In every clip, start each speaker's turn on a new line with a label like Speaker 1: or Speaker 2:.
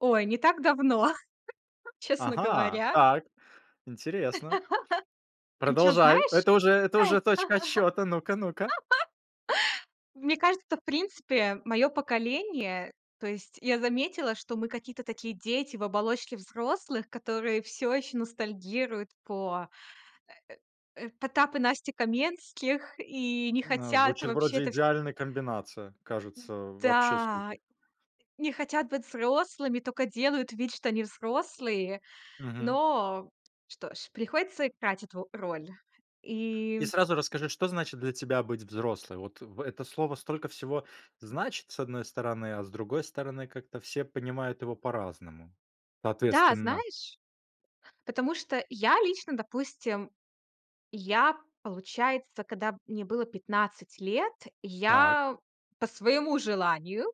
Speaker 1: Ой, не так давно, честно
Speaker 2: Ага,
Speaker 1: говоря.
Speaker 2: так, интересно.
Speaker 1: Причем,
Speaker 2: Продолжай,
Speaker 1: знаешь?
Speaker 2: это уже это уже точка отсчета, ну-ка, ну-ка.
Speaker 1: Мне кажется, в принципе, моё поколение, то есть я заметила, что мы какие-то такие дети в оболочке взрослых, которые всё ещё ностальгируют по, э э э, Потап и Настя Каменских и не
Speaker 2: М, а,
Speaker 1: хотят
Speaker 2: звучит
Speaker 1: вообще
Speaker 2: вроде
Speaker 1: это вс
Speaker 2: идеальная комбинация. Кажется, вообще
Speaker 1: Да.
Speaker 2: супер.
Speaker 1: Не хотят быть взрослыми, тока делают вид, что они взрослые.
Speaker 2: Мгм.
Speaker 1: Но что ж, приходится играть эту роль. И
Speaker 2: И сразу расскажи, что значит для тебя быть взрослой? Вот в это слово столько всего значит, с одной стороны, а с другой стороны, как-то все понимают его по-разному.
Speaker 1: Да,
Speaker 2: Соответственно
Speaker 1: знаешь, потому что я лично, допустим, я, получается, когда мне было 15 лет,
Speaker 2: Так.
Speaker 1: я по своему желанию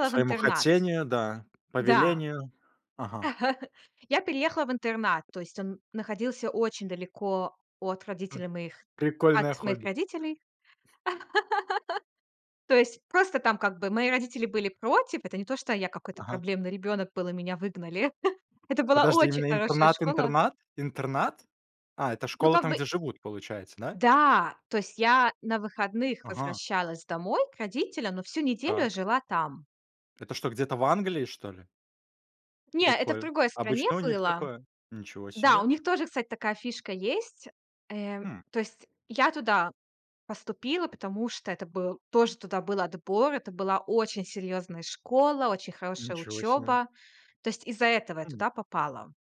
Speaker 2: По
Speaker 1: в
Speaker 2: своему
Speaker 1: интернат.
Speaker 2: хотению, да, по
Speaker 1: Да.
Speaker 2: велению. Ага.
Speaker 1: Я переехала в интернат, то есть он находился очень далеко от
Speaker 2: П
Speaker 1: родителей моих,
Speaker 2: прикольное
Speaker 1: от моих
Speaker 2: хобби.
Speaker 1: родителей. То есть, просто там как бы мои родители были против. Это не то, что я какой-то
Speaker 2: Ага.
Speaker 1: проблемный ребёнок был, и меня выгнали. Это была
Speaker 2: Подожди,
Speaker 1: очень
Speaker 2: именно
Speaker 1: хорошая
Speaker 2: интернат
Speaker 1: школа.
Speaker 2: интернат? Интернат? А, это
Speaker 1: Ну,
Speaker 2: школа
Speaker 1: как
Speaker 2: там,
Speaker 1: бы
Speaker 2: где живут, получается, да?
Speaker 1: Да, то есть я на выходных
Speaker 2: Ага.
Speaker 1: возвращалась домой к родителям, но всю неделю
Speaker 2: Так.
Speaker 1: я жила там.
Speaker 2: Это что, где-то в Англии что ли?
Speaker 1: Не, это в
Speaker 2: Прикольно.
Speaker 1: другой стране
Speaker 2: Обычно у них
Speaker 1: было
Speaker 2: такое. Ничего
Speaker 1: Да, у
Speaker 2: себе.
Speaker 1: них тоже, кстати, такая фишка есть. Э,
Speaker 2: Хм.
Speaker 1: то есть я туда поступила, потому что это был, тоже туда был отбор. Это была очень серьёзная школа, очень хорошая
Speaker 2: Ничего себе.
Speaker 1: учёба, то есть из-за этого я
Speaker 2: М.
Speaker 1: туда попала.